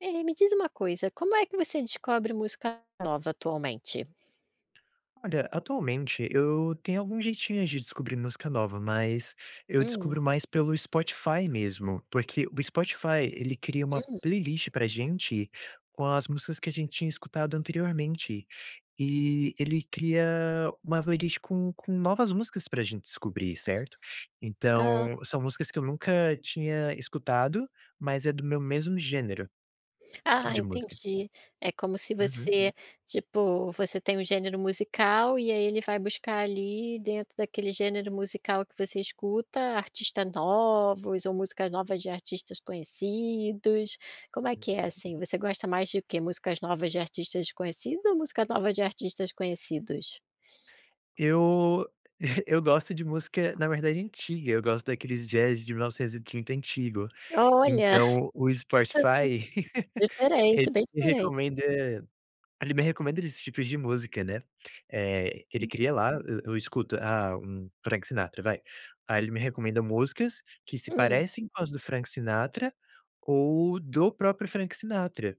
Ei, me diz uma coisa, como é que você descobre música nova atualmente? Olha, atualmente eu tenho algum jeitinho de descobrir música nova. Mas, eu Hum. descubro mais pelo Spotify mesmo, porque o Spotify ele cria uma Hum. playlist para gente com as músicas que a gente tinha escutado anteriormente, e ele cria uma playlist com com novas músicas para gente descobrir, certo? Hã. Então são músicas que eu nunca tinha escutado, mas é do meu mesmo gênero Ah de música. entendi, é como se Uhum. você, tipo, você tem um gênero musical e aí ele vai buscar ali dentro daquele gênero musical que você escuta, artistas novos ou músicas novas de artistas conhecidos. Como é que é Uhum. assim? Você gosta mais de quê? Músicas novas de artistas desconhecidos ou música nova de artistas conhecidos? Eu eu gosto de música na verdade antiga, eu gosto daqueles jazz de 1930 antigo. Olha. Então o Spotify, ele Diferente, bem me diferente. recomenda ele me recomenda desses tipos de música né, eh, ele cria lá, eu eu escuto. Ah, um Frank Sinatra, vai. Aí ele me recomenda músicas que se Hum. parecem com as do Frank Sinatra ou do próprio Frank Sinatra.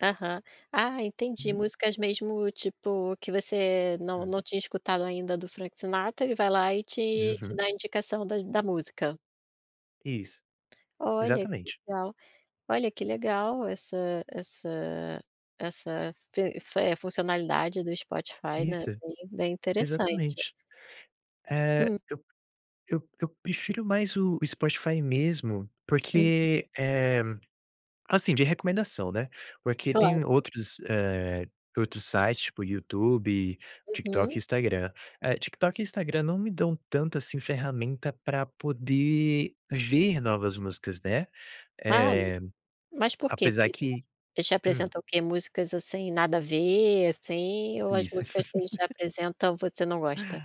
Aham. Ah entendi, Hum. músicas mesmo tipo que você não Hum. não tinha escutado ainda do Frank Sinatra, ele vai lá e te te Uhum. dá a indicação da da música. Isso, Olha que exatamente. legal, olha que legal essa essa essa f f funcionalidade do Spotify, né, Isso, bem bem interessante. exatamente, eh, Hum. eu eu eu prefiro mais o Spotify mesmo Uhum. porque, eh, assim de recomendação, né. Porque Claro. tem outros, eh, outros sites tipo YouTube, TikTok e Uhum. Instagram, eh, TikTok e Instagram não me dão tanto assim ferramenta para poder ver novas músicas, né, Ah, eh, mas por quê? Porque apesar eles que eles te hum. apresentam o que, músicas assim nada a ver assim ou as Isso. músicas que eles te apresentam você não gosta?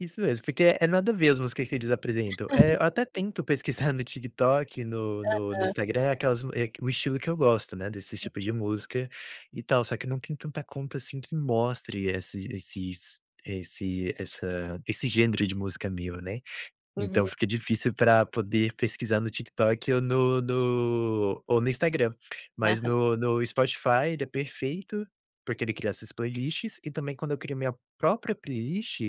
Isso mesmo, porque é nada a ver as músicas que eles apresentam. É, eu até tento pesquisar no TikTok, no no no Aham. Instagram, aquelas mu é o que o estilo que eu gosto né, desses tipo de Uhum. música e tal só que eu não tenho tanta conta assim que mostre esses esses esse essa esse gênero de música meu, né. Então Uhum. fica difícil para poder pesquisar no TikTok ou no no ou no Instagram. Mas Aham. no no Spotify ele é perfeito, porque ele cria essas playlists e também quando eu crio minha própria playlist,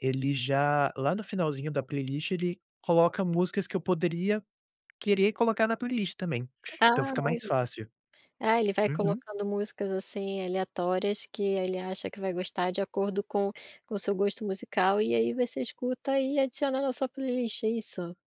ele já lá no finalzinho da playlist, ele coloca músicas que eu poderia querer colocar na playlist também, então Ah, fica olha mais aí. fácil. Ah, ele vai Uhum. colocando músicas, assim, aleatórias que ele acha que vai gostar de acordo com com o seu gosto musical. E aí você escuta e adiciona na sua playlist, é isso?